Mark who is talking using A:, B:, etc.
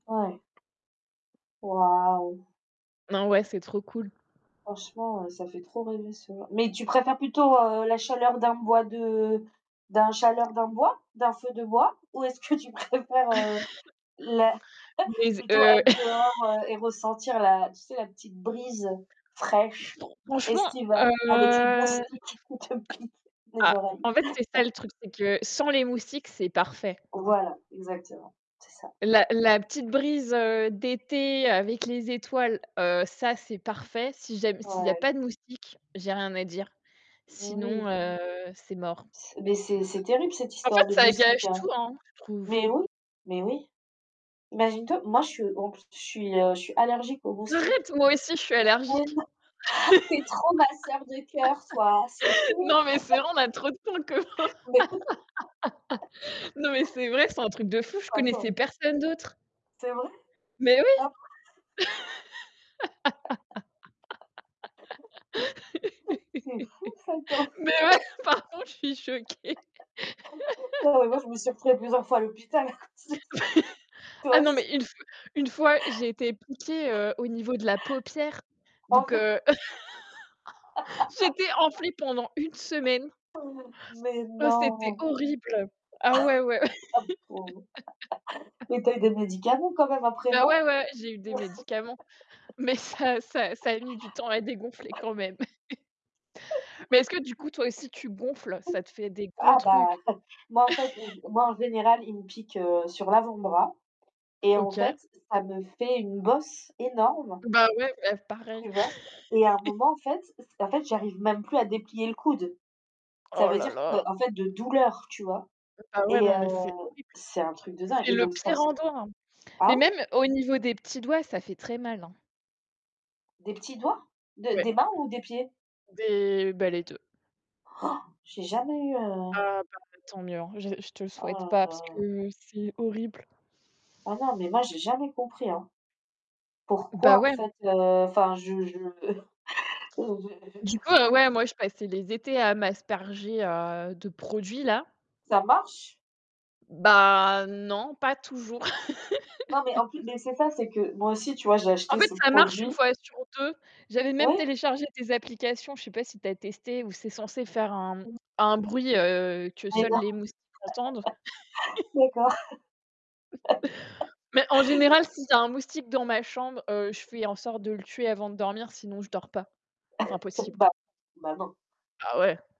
A: Ouais. Waouh.
B: Non ouais, c'est trop cool.
A: Franchement, heu, ça fait trop rêver [unintelligible] Mais tu préfères plutôt, heu, la chaleur d'un bois de d'un chaleur d'un bois d'un feu de bois? Ou, est-ce que tu préfères, heu, la
B: Mais z
A: plutôt
B: heu
A: être dehors, heu et ressentir la tu sais la petite brise
B: c'est
A: fraîche
B: trop franchement,
A: estivale
B: heu,
A: avec les
B: a
A: moustiques qui te piquent les
B: ah,
A: oreilles?
B: en fait, c'est ça le truc, c'est que sans les moustiques, c'est parfait.
A: Voilà, exactement, c'est ça.
B: La la petite brise, heu, d'été avec les étoiles, heu, ça, c'est parfait. Si ja s'il y a
A: Ouais.
B: pas de moustiques, j'ai rien à dire,
A: Mais
B: sinon,
A: oui.
B: heu, c'est mort.
A: C'est mais c'est c'est terrible cette
B: En fait,
A: histoire de
B: ça
A: moustiques,
B: gâche
A: hein.
B: tout, hein, je trouve.
A: Mais oui, mais oui. Imagine-toi, moi je suis en plus, je suis, heu, je suis allergique aux moustiques.
B: Arrête, moi aussi, je suis
A: Mais
B: allergique.
A: non, tu es trop ma sœur de cœur, toi, c'est fou.
B: Non, mais c'est vrai, on a trop de points communs.
A: Beh, écoute
B: Non mais c'est vrai, c'est un truc de fou, je connaissais
A: attends.
B: personne d'autre.
A: C'est vrai?
B: Mais oui.
A: [unintelligible] C'est fou ça, quand même.
B: Mais ouais, par contre, je suis choquée.
A: Non mais moi je me suis retrouvée plusieurs fois à l'hôpital à cause de ça.
B: Ah
A: Toi
B: non,
A: aussi?
B: mais une fois une fois j'ai été piquée, heu, au niveau de la paupière,
A: Oh
B: donc
A: non!
B: heu, j'étais enflée pendant 1 semaine.
A: Mais
B: Ouais, c'était
A: non?
B: horrible. Ah
A: Ma
B: ouais, ouais.
A: pauvre, mais tu as eu des médicaments quand même après,
B: Bah ouais,
A: non?
B: ouais, j'ai eu des médicaments, mais ça ça ça a mis du temps à dégonfler quand même. Mais est-ce que du coup, toi aussi, tu gonfles? Ça te fait des gros
A: Ah bah
B: trucs.
A: moi en fait moi en général, il me pique, heu, sur l'avant-bras, et en
B: OK.
A: fait, ça me fait une bosse énorme
B: Bah ouais, [unintelligible] pareil.
A: tu vois? Et à un moment en fait en fait, j'arrive même plus à déplier le coude. Ça
B: Oh
A: veut
B: là
A: dire que
B: là.
A: en fait de douleur, tu vois?
B: Bah ouais,
A: Et
B: non, mais c'est
A: heu,
B: horrible.
A: c'est un truc de dingue
B: C'est
A: et
B: le
A: donc, je
B: pire
A: pense
B: endroit, hein. Mais
A: ah
B: même
A: oui!
B: au niveau des petits doigts, ça fait très mal, hein.
A: Des petits doigts? De
B: Ouais.
A: des mains ou des pieds?
B: Des bah les 2-
A: J'ai jamais eu, heu
B: Ah bah tant mieux, hein, je je te le souhaite
A: Oh
B: pas,
A: là
B: parce
A: là.
B: que c'est horrible.
A: Oh non, mais moi j'ai jamais compris, hein.
B: Bah,
A: Pourquoi en
B: ouais.
A: fait, heu, enfin je je je je
B: Du coup, heu, ouais, moi, je passais les étés à m'asperger, heu, de produits, là.
A: Ça marche?
B: Bah non, pas toujours.
A: Non mais en plus mais c'est ça, c'est que, moi aussi, tu vois, j'ai
B: En
A: acheté
B: fait,
A: ce
B: ça marche
A: produit
B: 1 fois sur 2. J'avais même
A: Oui.
B: téléchargé des applications, je sais pas si tu as testé? Ou c'est censé faire un
A: Mmh.
B: un bruit, heu, que
A: Mais
B: seuls
A: non,
B: les moustiques entendent.
A: d'accord.
B: Mais en général, s'il y a un moustique dans ma chambre, heu, je fais en sorte de le tuer avant de dormir, sinon je dors pas. C'est impossible.
A: Bah bah non.
B: Ah ouais.